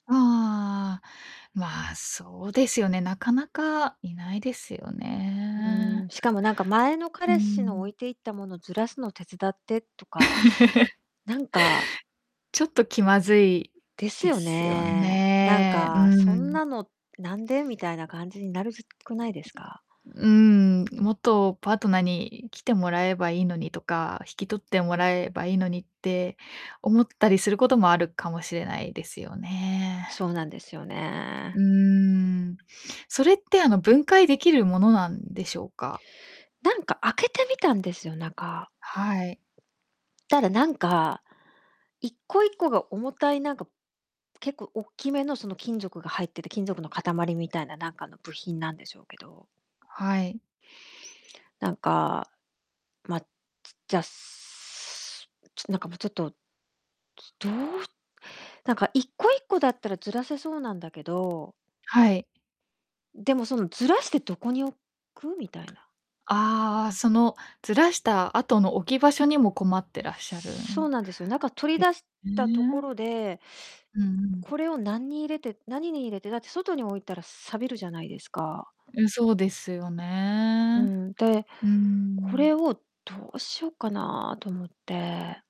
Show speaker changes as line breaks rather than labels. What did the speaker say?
ああ。ま、そうですよね、なかなかいないですよ
うん、
ね。
しかもなんか前の
う
彼氏の置
ん。
いていったものずらすの手伝ってとか、なんか
ちょっと気まずい
です
で
よ
すよ
ね。何
ね。う
かそん
ん。
なのなんでみたいな感じになるず、くないですか？
うん。もっとパートナーに、来てもらえばいいのにとか引き取ってもらえばいいのにって思ったりすることもあるかもしれないですよね。
そうなんですよね。
うん、それってあの分解できるものなんでしょうか？
なんか開けてみたんですよ、中
はい。
たらなんか1個1個が重たいなんか結構おっきめのその金属が入ってて、金属の塊みたいななんかの部品なんでしょうけど。
はい。
なんか、ま、じじゃ、すなんかもうちょっと、つどうすなんか1個1個だったらずらせそうなんだけど
はい。
でも、そのずらしてどこに置くみたいな。
ああ、そのずらした後の置き場所にも困ってらっしゃる
そう
ん
なんですよ、中取り
で
出し
[unintelligible]
たとこ
ね。
ろで
うんうん。
これをなんに入れて何に入れてだって外に置いたら錆びるじゃないですか。
うん、そうですよ
う
ね。
ん、で、
う
これ
ん。
をどうしようかなと思って。